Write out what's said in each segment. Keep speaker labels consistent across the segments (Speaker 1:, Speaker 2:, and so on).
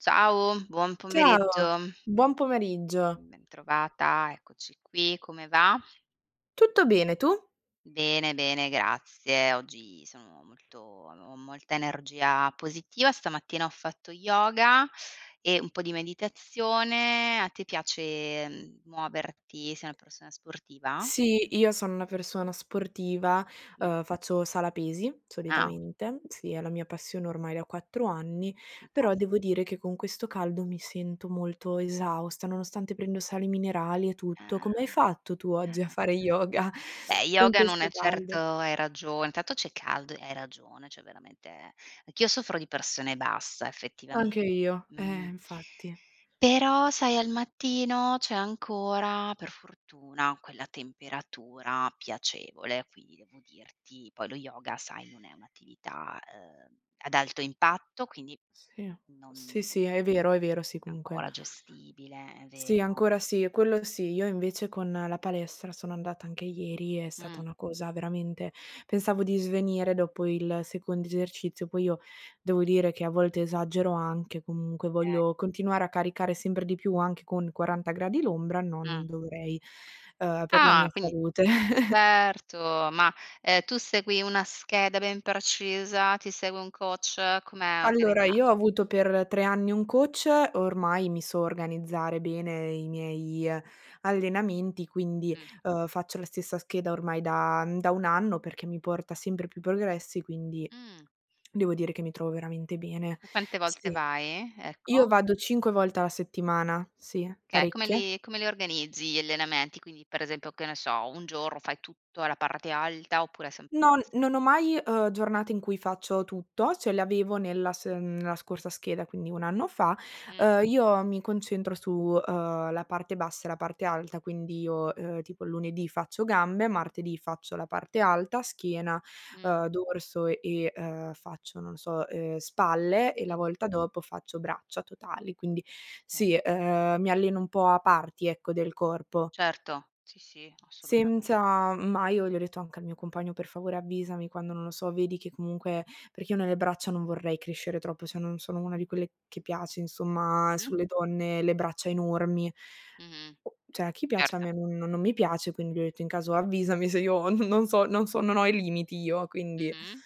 Speaker 1: Ciao. Buon
Speaker 2: Ciao,
Speaker 1: pomeriggio.
Speaker 2: buon pomeriggio.
Speaker 1: Bentrovata. Eccoci qui, come va?
Speaker 2: Tutto bene, tu?
Speaker 1: Bene, bene, grazie. Oggi sono molto ho molta energia positiva, stamattina ho fatto yoga, e un po' di meditazione. A te piace, mhmm, muoverti? Sei una persona sportiva?
Speaker 2: Sì, io sono una persona sportiva,
Speaker 1: Mh.
Speaker 2: uhm, faccio sala pesi,
Speaker 1: Ah.
Speaker 2: solitamente, sì, è la mia passione ormai da 4 anni,
Speaker 1: In
Speaker 2: però
Speaker 1: cas
Speaker 2: devo dire che con questo caldo mi sento molto esausta, nonostante prendo sali minerali e tutto.
Speaker 1: Ah-ah,
Speaker 2: Come hai fatto tu oggi a
Speaker 1: ah-ah.
Speaker 2: fare yoga
Speaker 1: Beh,
Speaker 2: con
Speaker 1: yoga non
Speaker 2: questo
Speaker 1: è certo
Speaker 2: caldo?
Speaker 1: hai ragione. Intanto c'è caldo e hai ragione, cioè veramente anch'io soffro di pressione bassa effettivamen
Speaker 2: Anche io, eh,
Speaker 1: mh.
Speaker 2: infatti.
Speaker 1: Però sai, al mattino c'è ancora per fortuna quella temperatura piacevole, quindi devo dirti, poi lo yoga, sai, non è un'attività, uhm, ad alto impatto, quindi
Speaker 2: Sì,
Speaker 1: non
Speaker 2: sì, sì, è vero, è vero. Sì, comunque
Speaker 1: ancora gestibile, è
Speaker 2: Sì,
Speaker 1: vero.
Speaker 2: ancora sì, quello sì. Io invece con la palestra sono andata anche ieri, è stata
Speaker 1: Mh.
Speaker 2: una cosa veramente pensavo di svenire dopo il secondo esercizio. Poi io, devo dire che a volte esagero anche, comunque
Speaker 1: È
Speaker 2: voglio continuare a caricare sempre di più anche con 40 gradi l'ombra, no,
Speaker 1: Mh.
Speaker 2: non dovrei, uhm, per la mia
Speaker 1: Ah, quindi,
Speaker 2: salute.
Speaker 1: certo. Ma, ehm, tu segui una scheda ben precisa? Ti segue un coach? Com'è
Speaker 2: Allora, io ho
Speaker 1: organizzato?
Speaker 2: avuto per 3 anni un coach, ormai mi so organizzare bene i miei allenamenti, quindi,
Speaker 1: Mh.
Speaker 2: uhm, faccio la stessa scheda ormai da da 1 anno perché mi porta sempre più progressi. Quindi,
Speaker 1: Mh.
Speaker 2: devo dire che mi trovo veramente bene,
Speaker 1: Tu quante volte
Speaker 2: sì.
Speaker 1: vai?
Speaker 2: Io
Speaker 1: Ecco?
Speaker 2: vado 5 volte alla settimana, sì,
Speaker 1: Okay. Come
Speaker 2: parecchie.
Speaker 1: li come li organizzi gli allenamenti? Quindi, pre esempio, che ne so, 1 giorno fai tutto alla parte alta oppure sempre
Speaker 2: Non
Speaker 1: X?
Speaker 2: non ho mai, uhm, giornate in cui faccio tutto, cioè le avevo nella s nella scorsa scheda, quindi 1 anno fa.
Speaker 1: Mh.
Speaker 2: Uhm, io mi concentro su, uhm, la parte bassa e la parte alta, quindi io, ehm, tipo lunedì faccio gambe, martedì faccio la parte alta, schiena,
Speaker 1: Mh.
Speaker 2: ehm, dorso e, uhm, faccio, non lo so, ehm, spalle, e la
Speaker 1: Mh-mh.
Speaker 2: volta dopo faccio braccia totali. Quindi,
Speaker 1: Cer
Speaker 2: sì, ehm, mi alleno un po' a parti, ecco, del corpo.
Speaker 1: Certo. Sì, sì, assolutame
Speaker 2: Senza ma io gli ho detto anche al mio compagno: “Per favore, avvisami quando, non lo so, vedi che comunque” perché io nelle braccia non vorrei crescere troppo, cioè non sono una di quelle che piace, insomma,
Speaker 1: Mh-mh.
Speaker 2: sulle donne, le braccia enormi.
Speaker 1: Mh-mh.
Speaker 2: C'è a chi piace, a
Speaker 1: Erto.
Speaker 2: me non non mi piace, quindi gli ho detto: “In caso avvisami se io, non so, non so, non ho i limiti io.” Quindi,
Speaker 1: Mh-mh.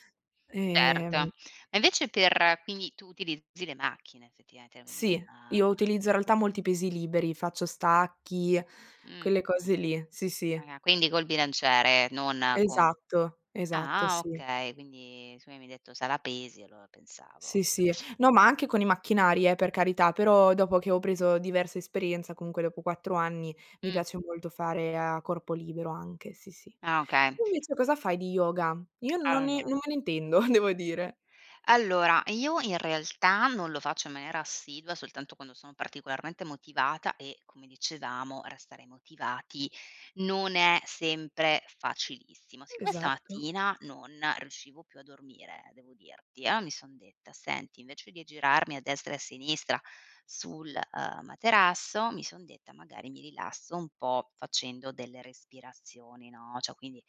Speaker 2: ehm
Speaker 1: Certo. E invece per quindi tu utilizzi le macchine effettivamente, quindi non
Speaker 2: Sì, io utilizzo in realtà molti pesi liberi, faccio stacchi,
Speaker 1: Mh.
Speaker 2: quelle cose lì, sì, sì.
Speaker 1: Eh, quindi col bilanciere, non con
Speaker 2: Esatto, esatto, eh
Speaker 1: ah, ah
Speaker 2: sì.
Speaker 1: okay. Quindi siccome mi hai detto: "Sala pesi", allora pensavo
Speaker 2: Sì, sì, no, ma anche con i macchinari, eh, per carità, però dopo che ho preso diversa esperienza, comunque dopo 4 anni, mi
Speaker 1: Mh.
Speaker 2: piace molto fare a corpo libero anche, sì, sì.
Speaker 1: Ah, okay.
Speaker 2: Tu invece cosa fai di yoga? Io non ne
Speaker 1: Allora
Speaker 2: non me ne intendo, devo dire.
Speaker 1: allora, io in realtà non lo faccio in maniera assidua, soltanto quando sono particolarmente motivata e, come dicevamo, restare motivati non è sempre facilissimo. Siccome
Speaker 2: Esatto.
Speaker 1: stamattina non riuscivo più a dormire, devo dirti, allora mi son detta: “Senti, invece di girarmi a destra e a sinistra sul, uhm, materasso,” mi son detta: “Magari mi rilasso un po' facendo delle respirazioni”, no, cioè, quindi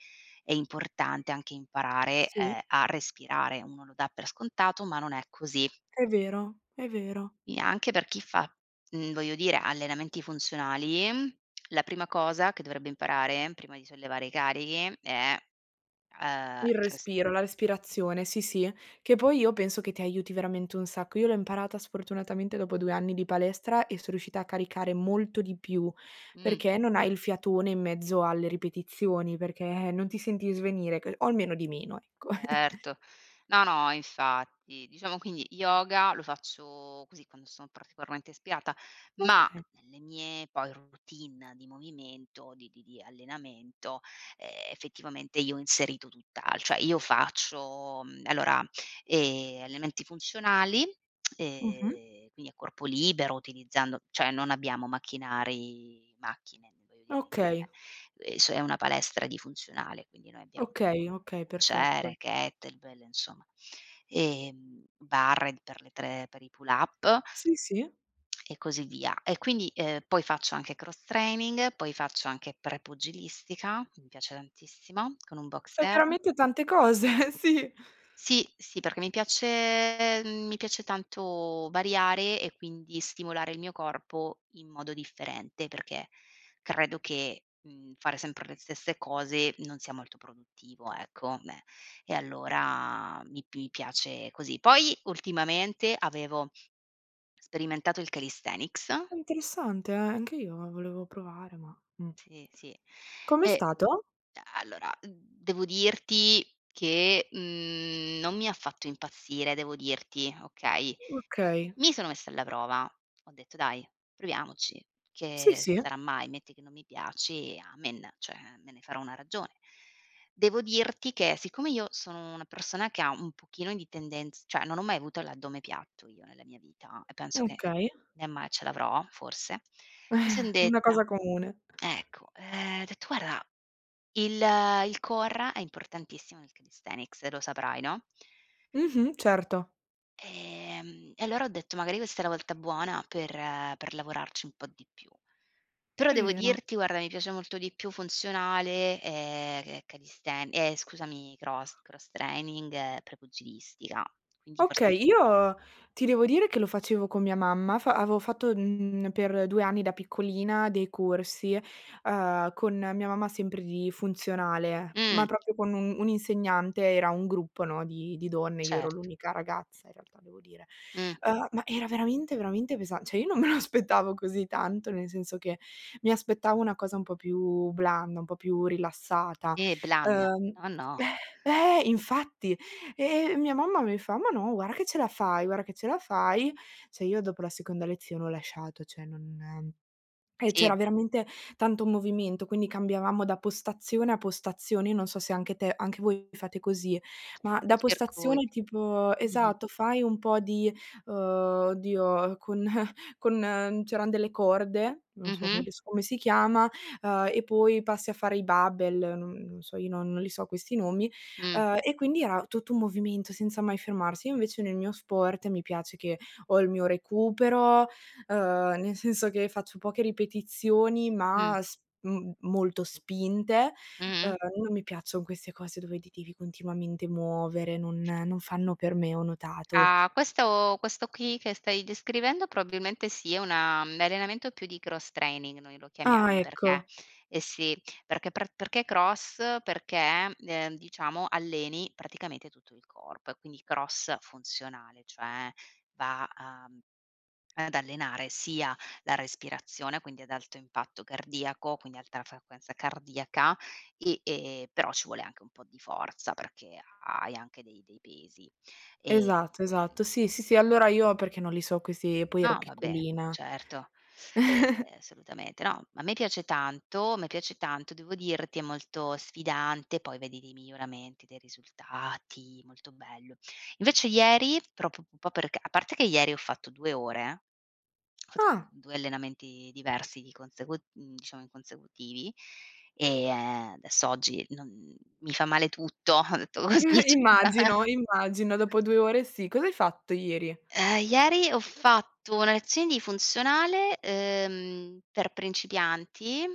Speaker 1: è importante anche imparare,
Speaker 2: Sì.
Speaker 1: eh, a respirare. Uno lo dà per scontato, ma non è così.
Speaker 2: È vero, è vero.
Speaker 1: E anche per chi fa, mhmm, voglio dire allenamenti funzionali. La prima cosa che dovrebbe imparare prima di sollevare i carichi, è, ehm, il
Speaker 2: Il respiro,
Speaker 1: respi
Speaker 2: la respirazione, sì, sì, che poi io penso che ti aiuti veramente un sacco. Io l'ho imparata sfortunatamente dopo 2 anni di palestra e son riuscita a caricare molto di più,
Speaker 1: Mh.
Speaker 2: perché non hai il fiatone in mezzo alle ripetizioni, perché non ti senti svenire, c o almeno di meno, ecco.
Speaker 1: Certo. No, no, infatti, diciamo, quindi yoga lo faccio così, quando sono particolarmente ispirata, ma
Speaker 2: Okay.
Speaker 1: nelle mie poi routine di movimento, di di di allenamento, eh, effettivamente io ho inserito tutt'al cioè io faccio, allora, uhm, allenamenti funzionali
Speaker 2: Mh-mh.
Speaker 1: e quindi a corpo libero, utilizzando cioè, non abbiamo macchinari, macchine, voglio
Speaker 2: Okay.
Speaker 1: dire, s è una palestra di funzionale. Quindi noi abbiamo
Speaker 2: Okay, okay, perfetto.
Speaker 1: bilanciere, kettlebell, insomma, ehm, barre per le tr pe per i pull-up
Speaker 2: Sì, sì.
Speaker 1: e così via. E quindi, ehm, poi faccio anche cross training, poi faccio anche pre-pugilistica, mi piace tantissimo, con un
Speaker 2: Fai
Speaker 1: boxeur.
Speaker 2: veramente tante cose, sì.
Speaker 1: Sì, sì, perché mi piace, mhmm, mi piace tanto variare e quindi stimolare il mio corpo in modo differente, perché credo che, mhmm, fare sempre le stesse cose non sia molto produttivo, ecco, beh. E allora mi mi piace così. Poi ultimamente avevo sperimentato il calisthenics.
Speaker 2: Interessante, eh, anche io volevo provare, ma, mh.
Speaker 1: Sì, sì,
Speaker 2: Come è
Speaker 1: e
Speaker 2: stato?
Speaker 1: e allora devo dirti che, mhmm, non mi ha fatto impazzire. Devo dirti, okay,
Speaker 2: Okay.
Speaker 1: mi sono messa alla prova. Ho detto: “Dai, proviamoci,
Speaker 2: Sì,
Speaker 1: che
Speaker 2: sì.
Speaker 1: sarà mai. Metti che non mi piace, amen.” Cioè, me ne farò una ragione. Devo dirti che siccome io sono una persona che ha un pochino di tendenza cioè non ho mai avuto l'addome piatto io nella mia vita e penso che
Speaker 2: Okay.
Speaker 1: né mai ce l'avrò forse, mi sono
Speaker 2: Eh, è una
Speaker 1: detta.
Speaker 2: cosa comune.
Speaker 1: Ecco, ehm, ho detto: “Guarda, il il core è importantissimo nel calisthenics," e lo saprai, no?
Speaker 2: Mh-mh, certo.
Speaker 1: Ehm, e allora ho detto magari questa è la volta buona per per lavorarci un po' di più. Però
Speaker 2: È
Speaker 1: devo
Speaker 2: vero.
Speaker 1: dirti guarda, mi piace molto di più funzionale, ehm, che è calisthen ehm, scusami cross cross training e Prepugilistica, quindi fors
Speaker 2: Okay, io ti devo dire che lo facevo con mia mamma fa avevo fatto, mhmm, per 2 anni da piccolina dei corsi, ehm, con mia mamma sempre di funzionale,
Speaker 1: Mh.
Speaker 2: ma proprio con un un insegnante. Era un gruppo, no, di di donne, io ero
Speaker 1: Certo.
Speaker 2: l'unica ragazza in realtà devo dire,
Speaker 1: Mh.
Speaker 2: ehm, ma era veramente, veramente pesa cioè io non me lo aspettavo così tanto nel senso che, mi aspettavo una cosa un po' più blanda, un po' più rilassata.
Speaker 1: Eh "blanda"
Speaker 2: Ehm
Speaker 1: no, no.
Speaker 2: eh infatti, e mia mamma mi fa: "Ma no, guarda che ce la fai, guarda che ce la fai." Cioè, io dopo la seconda lezione ho lasciato, cioè non e c'era
Speaker 1: Sì.
Speaker 2: veramente tanto movimento, quindi cambiavamo da postazione a postazione. Io non so se anche te anche voi fate così, ma
Speaker 1: I
Speaker 2: da postazione
Speaker 1: circuiti,
Speaker 2: tipo
Speaker 1: mh-mh.
Speaker 2: esatto, fai un po' di uhm, oddio con con ehm, c'eran delle corde, non so come
Speaker 1: Mh-mh.
Speaker 2: adesso come si chiama, ehm, e poi passi a fare i barbell non non so, io non non li so questi nomi,
Speaker 1: Mh.
Speaker 2: ehm, e quindi era tutto un movimento senza mai fermarsi. Io invece nel mio sport mi piace che ho il mio recupero, uhm, nel senso che faccio poche ripetizioni
Speaker 1: Mh.
Speaker 2: ma s m molto spinte,
Speaker 1: Mh-mh.
Speaker 2: ehm, non mi piaccion queste cose dove ti devi continuamente muovere, non non fanno per me, ho notato.
Speaker 1: Ah, questo questo qui che stai descrivendo, probabilmente sì, è una un allenamento più di Cross Training, noi lo
Speaker 2: Ah,
Speaker 1: chiamiamo perché
Speaker 2: ecco.
Speaker 1: eh sì, perché pr perché, cross? Perché, ehm, diciamo alleni praticamente tutto il corpo e quindi cross funzionale, cioè va a mhmm, ad allenare sia la respirazione, quindi ad alto impatto cardiaco, quindi alta frequenza cardiaca, e, ehm, però ci vuole anche un po' di forza, perché ha hai anche dei dei pesi, ehm
Speaker 2: Esatto. esatto.
Speaker 1: [unintelligible]
Speaker 2: Sì, sì, sì. allora io perché non li so questi e poi ero
Speaker 1: No, vabbè,
Speaker 2: piccolina.
Speaker 1: certo. Ehm assolutamente, no, a me piace tanto, a me piace tanto. Devo dirti è molto sfidante. Poi vedi dei miglioramenti, dei risultati, molto bello. Invece ieri proprio p un po' perché a parte che ieri ho fatto 2 ore, [unintelligible]
Speaker 2: Ah.
Speaker 1: 2 allenamenti diversi di consecu mhmm, diciamo in consecutivi, ehm, adesso oggi non mi fa male tutto, ho detto: "Così c"
Speaker 2: Immagino, immagino, dopo 2 ore sì, cosa hai fatto ieri?
Speaker 1: Ehm, ieri ho fatto una lezione di funzionale, ehm, per principianti,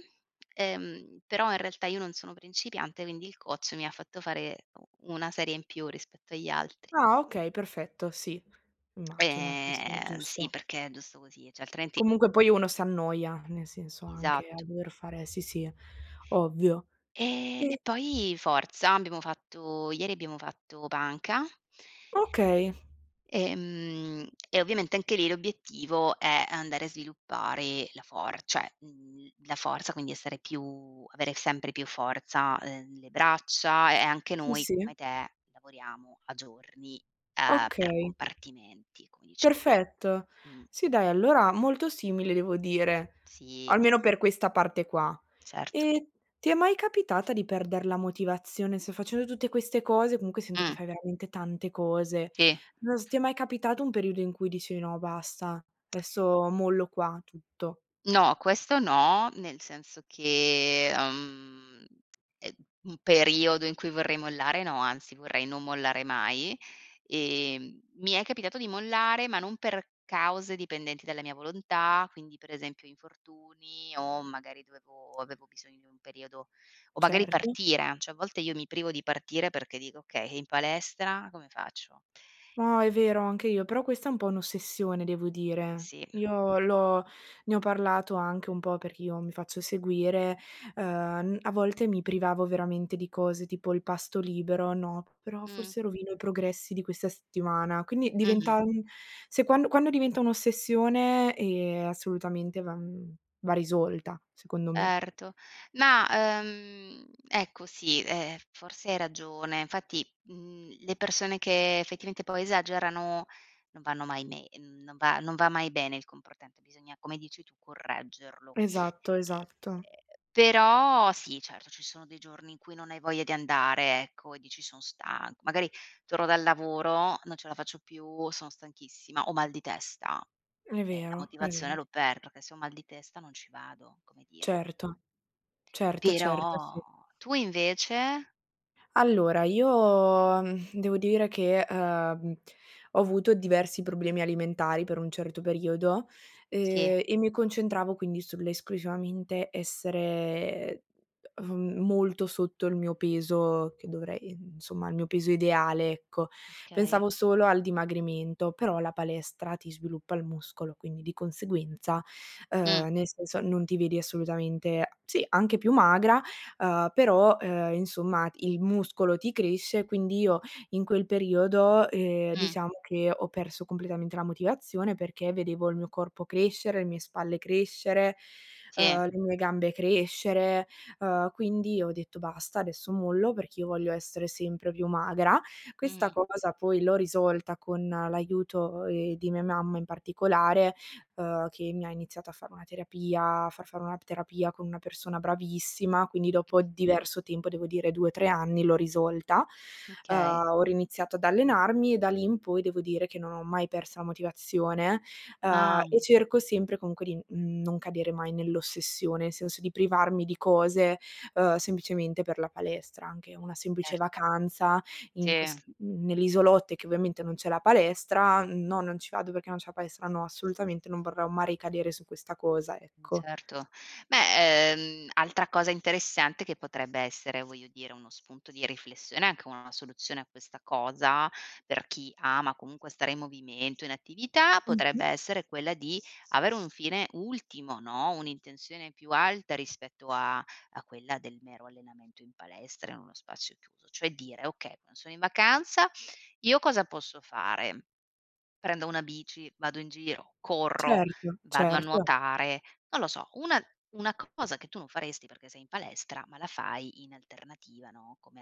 Speaker 1: ehm, però in realtà io non sono principiante, quindi il coach mi ha fatto fare u una serie in più rispetto agli altri.
Speaker 2: Ah, okay. Perfetto. Sì, immagino, sì, sì,
Speaker 1: Ehm, sì,
Speaker 2: giusto.
Speaker 1: perché è giusto così, cioè, altrimenti
Speaker 2: Comunque poi uno s'annoia, nel senso anche a
Speaker 1: Esatto.
Speaker 2: dover fare sì, sì, ovvio.
Speaker 1: Ehm, e
Speaker 2: Sì.
Speaker 1: poi forza, abbiamo fatto ieri abbiamo fatto panca
Speaker 2: Okay.
Speaker 1: ehm, e ovviamente anche lì l'obiettivo è andare a sviluppare la for cioè, mhmm, la forza, quindi essere più avere sempre più forza, ehm, le braccia e e anche
Speaker 2: Sì,
Speaker 1: noi
Speaker 2: sì.
Speaker 1: come te, lavoriamo a giorni, ehm, per
Speaker 2: Okay.
Speaker 1: compartimenti, come dicevi
Speaker 2: Perfetto.
Speaker 1: di mh.
Speaker 2: Sì, dai, allora molto simile, devo dire,
Speaker 1: Sì.
Speaker 2: almeno per questa parte qua.
Speaker 1: Certo.
Speaker 2: E ti è mai capitata di perder la motivazione? Se facendo tutte queste cose, comunque sento che
Speaker 1: Mh.
Speaker 2: fai veramente tante cose,
Speaker 1: Sì.
Speaker 2: non s ti è mai capitato un periodo in cui dici: "No, basta, adesso mollo qua tutto."
Speaker 1: No, questo no. Nel senso che, uhm, è un periodo in cui vorrei mollare. No, anzi, vorrei non mollare mai, ehm, mi è capitato di mollare, ma non per cause dipendenti dalla mia volontà. Quindi, per esempio infortuni o magari dovevo avevo bisogno di un periodo o magari
Speaker 2: Certo.
Speaker 1: partire, cioè, a volte io mi privo di partire perché dico: "Okay e in palestra come faccio?"
Speaker 2: No è vero anche io, però questa è un po' un'ossessione, devo dire.
Speaker 1: Sì.
Speaker 2: Io l'ho ne ho parlato anche un po' perché io mi faccio seguire, ehm, n a volte mi privavo veramente di cose tipo il pasto libero, no: "Però
Speaker 1: Mh.
Speaker 2: forse rovino i progressi di questa settimana." Quindi
Speaker 1: Mh-mh.
Speaker 2: diventa mhmm, se quando quando diventa un'ossessione, ehm, assolutamente va mhmm, va risolta, secondo me.
Speaker 1: Erto ma, ehm, ecco, sì, ehm, f forse hai ragione infatti, mhmm, le persone che effettivamente poi esagerano non vanno mai nei n non va non va mai bene il comportante bisogna, come dici tu, correggerlo.
Speaker 2: Esatto,
Speaker 1: Ehm,
Speaker 2: esatto.
Speaker 1: però sì, certo, ci sono dei giorni in cui non hai voglia di andare, ecco, e dici: "Son stanco." Magari torno dal lavoro, non ce la faccio più, sono stanchissima, ho mal di testa
Speaker 2: È
Speaker 1: e la
Speaker 2: vero, è
Speaker 1: motivazione
Speaker 2: vero.
Speaker 1: l'ho per perché se ho mal di testa non ci vado, come dire.
Speaker 2: Certo, certo, certo, sì.
Speaker 1: Però tu invece?
Speaker 2: Allora io, devo dire che, ehm, ho avuto diversi problemi alimentari per un certo periodo,
Speaker 1: Sì.
Speaker 2: ehm, e mi concentravo quindi sull'esclusivamente essere, ehm, ef molto sotto il mio peso che dovrei, insomma il mio peso ideale ecco.
Speaker 1: Okay.
Speaker 2: Pensavo solo al dimagrimento, però la palestra ti sviluppa il muscolo, quindi di conseguenza,
Speaker 1: Mh.
Speaker 2: ehm, nel senso non ti vedi assolutamente, sì, anche più magra, ehm, però, ehm, insomma il muscolo ti cresce e quindi io, in quel periodo, ehm,
Speaker 1: Mh.
Speaker 2: diciamo che ho perso completamente la motivazione perché vedevo il mio corpo crescere, le mie spalle crescere,
Speaker 1: Sì.
Speaker 2: ehm, le mie gambe crescere, uhm, quindi ho detto: "Basta, adesso mollo perché io voglio essere sempre più magra." Questa
Speaker 1: Mh-mh.
Speaker 2: cosa poi l'ho risolta con l'aiuto, ehm, di mia mamma in particolare, uhm, che mi ha iniziato a fare una terapia, a far fare una terapia con una persona bravissima, quindi dopo
Speaker 1: Mh.
Speaker 2: diverso tempo, devo dire 2-3 anni l'ho risolta. Uhm,
Speaker 1: Okay.
Speaker 2: ho riiniziato ad allenarmi e da lì in poi devo dire che non ho mai perso la motivazione, ehm,
Speaker 1: Ah.
Speaker 2: e cerco sempre comunque di, mhmm, non cadere mai nell'ossessione, nel senso di privarmi di cose, ehm, semplicemente per la palestra. Anche una semplice
Speaker 1: Ert
Speaker 2: vacanza, in
Speaker 1: Sì.
Speaker 2: ques n nell'isolotto e che ovviamente non c'è la palestra, "no non ci vado perché non c'è la palestra," no, assolutamente non vorrò mai ricadere su questa cosa,
Speaker 1: Mh,
Speaker 2: ecco.
Speaker 1: certo. Beh, ehm, altra cosa interessante che potrebbe essere, voglio dire, uno spunto di riflessione, anche una soluzione a questa cosa, per chi ama comunque stare in movimento, in attività, potrebbe
Speaker 2: Mh-mh.
Speaker 1: essere quella di avere un fine ultimo, no, un'intenzione più alta rispetto a a quella del mero allenamento in palestra in uno spazio chiuso. Cioè, dire: "Okay, quando sono in vacanza, io cosa posso fare? Prendo una bici, vado in giro, corro,
Speaker 2: Certo,
Speaker 1: vado a
Speaker 2: certo.
Speaker 1: nuotare." Non lo so, una una cosa che tu non faresti perché sei in palestra, ma la fai in alternativa, no, come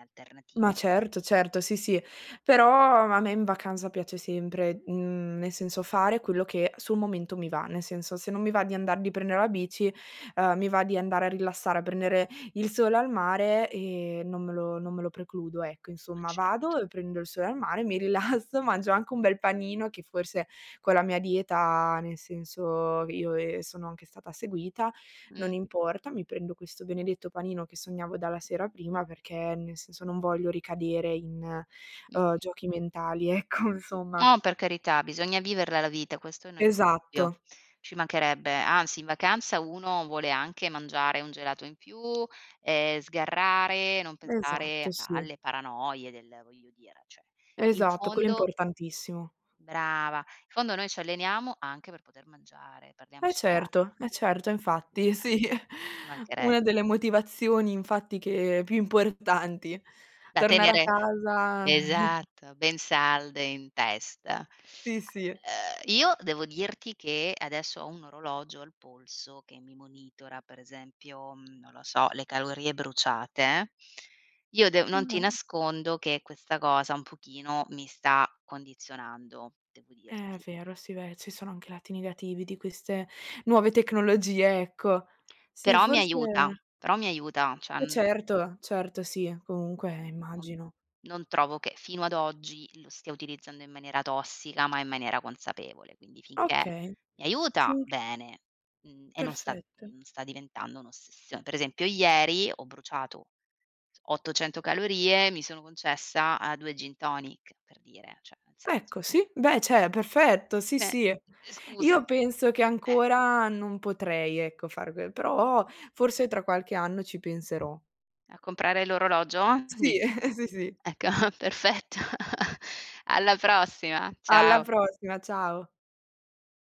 Speaker 2: Ma
Speaker 1: alternativa.
Speaker 2: certo, certo, sì, sì. Però a me in vacanza piace sempre, mhmm, nel senso fare quello che sul momento mi va. Nel senso se non mi va di andar di prendere la bici, ehm, mi va di andare a rilassare, a prendere il sole al mare, ehm, non me lo non me lo precludo ecco.
Speaker 1: Ma,
Speaker 2: Insomma,
Speaker 1: ceto.
Speaker 2: vado e prendo il sole al mare, mi rilasso, mangio anche un bel panino che forse, con la mia dieta nel senso io, ehm, sono anche stata seguita, non
Speaker 1: Mh.
Speaker 2: importa, mi prendo questo benedetto panino che sognavo dalla sera prima perché, nel senso, non voglio ricadere in, uhm,
Speaker 1: Mh-mh.
Speaker 2: giochi mentali ecco insomma.
Speaker 1: Ah, per carità, bisogna viverla la vita, questo [unintelligible] dubbio.
Speaker 2: Esatto.
Speaker 1: Ci mancherebbe, anzi in vacanza uno vuole anche mangiare un gelato in più, ehm, sgarrare, non pensare
Speaker 2: Esatto, sì.
Speaker 1: alle paranoie del voglio dire, cioè in
Speaker 2: Esatto, quello è
Speaker 1: fondo
Speaker 2: importantissimo.
Speaker 1: Brava! In fondo noi ci alleniamo anche per poter mangiare,
Speaker 2: Ma
Speaker 1: parliamoci chia
Speaker 2: certo, e certo, e infatti,
Speaker 1: [unintelligible]
Speaker 2: sì una
Speaker 1: mancherebbe.
Speaker 2: delle motivazioni infatti che, più importanti,
Speaker 1: Da
Speaker 2: tonare a
Speaker 1: tenere
Speaker 2: casa.
Speaker 1: Esatto, ben salde in testa. A,
Speaker 2: Sì, sì.
Speaker 1: ehm, io devo dirti che adesso ho un orologio al polso che mi monitora, pre esempio, mhmm, non lo so, le calorie bruciate, Io dev non ti
Speaker 2: [unintelligible]
Speaker 1: nascondo che questa cosa un pochino mi sta condizionando, devo
Speaker 2: È
Speaker 1: dirti.
Speaker 2: vero. Sì, beh, ci sono anche i lati negativi di queste nuove tecnologie, ecco. Sì,
Speaker 1: Però mi
Speaker 2: forse
Speaker 1: aiuta, però mi aiuta, cioè,
Speaker 2: Eh
Speaker 1: mhmm
Speaker 2: certo, certo. Sì, comunque,
Speaker 1: Mhmm, non
Speaker 2: immagino.
Speaker 1: non trovo che fino ad oggi lo stia utilizzando in maniera tossica, ma in maniera consapevole, quindi finché
Speaker 2: Okay,
Speaker 1: mi aiuta
Speaker 2: sì.
Speaker 1: bene, mhmm, e non sta
Speaker 2: Perfetto.
Speaker 1: non sta diventando un'ossessio pre esempio ieri ho bruciato 800 calorie, mi sono concessa, uhm, 2 Gin Tonic, per dire, cioè nel senso.
Speaker 2: Ecco sì, beh, cioè, perfetto, sì,
Speaker 1: Beh,
Speaker 2: sì.
Speaker 1: eh, scusa
Speaker 2: Io penso che
Speaker 1: eh.
Speaker 2: ancora non potrei ecco fare que però forse tra qualche anno ci penserò.
Speaker 1: A comprare l'orologio,
Speaker 2: Sì.
Speaker 1: dici?
Speaker 2: Sì, sì.
Speaker 1: Ecco perfetto. Alla prossima.
Speaker 2: Alla
Speaker 1: Ciao.
Speaker 2: prossima, ciao.